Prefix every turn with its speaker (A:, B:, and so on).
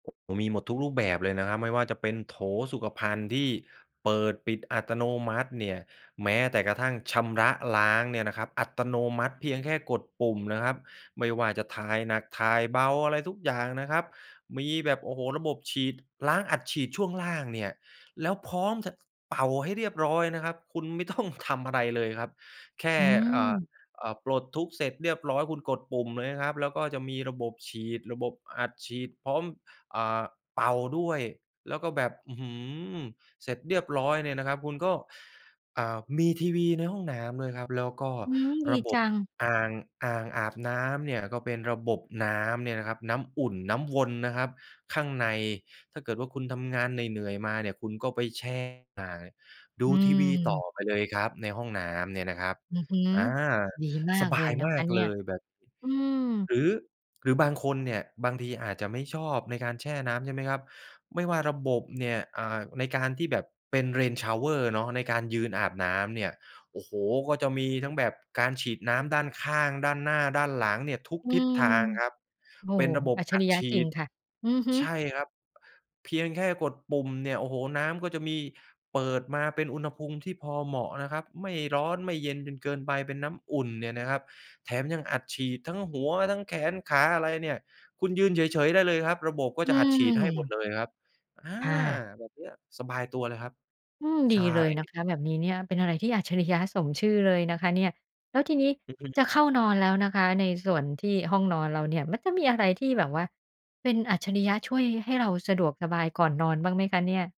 A: มีหมดทุกรูปแบบเลยนะครับ ไม่ว่าจะเป็นโถสุขภัณฑ์ที่เปิด-ปิดอัตโนมัติเนี่ย แม้แต่กระทั่งชำระล้างเนี่ยนะครับอัตโนมัติ เพียงแค่กดปุ่มนะครับ ไม่ว่าจะ ถ่ายหนักถ่ายเบา อะไรทุกอย่างนะครับ มีแบบ โอ้โฮ! ระบบฉีด ล้างอัดฉีดช่วงล่างเนี่ย แล้วพร้อมจะ เป่าให้เรียบร้อยนะครับ คุณ ไม่ต้อง ทำอะไรเลยครับ แค่
B: อื
A: อ่า
B: ม
A: อ่า ปลดทุกข์เสร็จเรียบร้อยคุณกดปุ่มเลยนะครับ แล้วก็จะมีระบบฉีด ระบบอัดฉีดพร้อม อ่า เป่าด้วย แล้วก็แบบ อื้อฮือ เสร็จเรียบร้อยเนี่ยนะครับคุณก็ อ่า มีทีวีในห้องน้ำด้วยครับ แล้วก็
B: อืม ด
A: ร
B: ี
A: ะบ
B: จ
A: บ
B: ัง
A: อ่าง อ่าง อาบน้ำเนี่ยก็เป็นระบบน้ำเนี่ยนะครับน้ำอุ่น น้ำวนนะครับข้างใน ถ้าเกิดว่าคุณทำงานเหนื่อย ๆ มาเนี่ยคุณก็ไปแช่อ่าง ด
B: อ
A: ู
B: ื
A: ทีวีต่อ
B: ม
A: ไปเลยครับในห้องน้ำเนี่ยนะครับ
B: อือฮึ
A: อา
B: ดีม
A: ส
B: าก
A: บ
B: เ
A: า
B: ลย
A: ย
B: น
A: ม
B: ะค
A: า
B: ะ
A: ก
B: เน
A: เ
B: ี
A: ล
B: ่ย
A: ยแบบนี้
B: อืม
A: หรือ หรือบางคนเนี่ย บางทีอาจจะไม่ชอบในการแช่น้ำใช่ไหมครับ ไม่ว่าระบบเนี่ย อ่า ในการที่แบบ เป็น Rain Shower เนาะในการยืนอาบน้ำเนี่ย โอ้โฮ ก็จะมีทั้งแบบการฉีดน้ำด้านข้าง ด้านหน้า ด้านหลังเนี่ยทุก
B: อื
A: ทิศ
B: ม
A: ทางครับ
B: โอ้
A: เป็
B: โ
A: น
B: ฮ
A: ระบบ
B: อัจฉ
A: อั
B: ร
A: ด
B: ิยะ
A: ฉ
B: จ
A: ี
B: ริง
A: ด
B: ค่ะ อือฮึ
A: ใช่ครับ เพียงแค่กดปุ่มเนี่ย โอ้โฮ น้ำก็จะมีเปิดมาเป็นอุณหภูมิที่พอเหมาะนะครับ ไม่ร้อน ไม่เย็นจนเกินไป เป็นน้ำอุ่นเนี่ยนะครับ แถมยังอัดฉีดทั้งหัวทั้งแขนขา อะไรเนี่ย คุณยืนเฉย ๆ ได้เลยครับ ระบบก็
B: อื
A: จะอัดฉีดให้หมด
B: ม
A: เลยครับ อา
B: ค่ะ
A: แบบนี้สบายตัวเลยครับ
B: อืม ดี
A: ใช
B: เลยนะ
A: ่
B: คะแบบนี้เนี่ย เป็นอะไรที่อัจฉริยะสมชื่อเลยนะคะเนี่ย แล้วทีนี้
A: อือฮ
B: จะเข้
A: ึ
B: านอนแล้วนะคะ ในส่วนที่ ห้องนอนเราเนี่ยมันจะมีอะไรที่แบบว่าเป็นอัจฉริยะ ช่วยให้เราสะดวกสบายก่อนนอนบ้างไหมคะเนี่ย?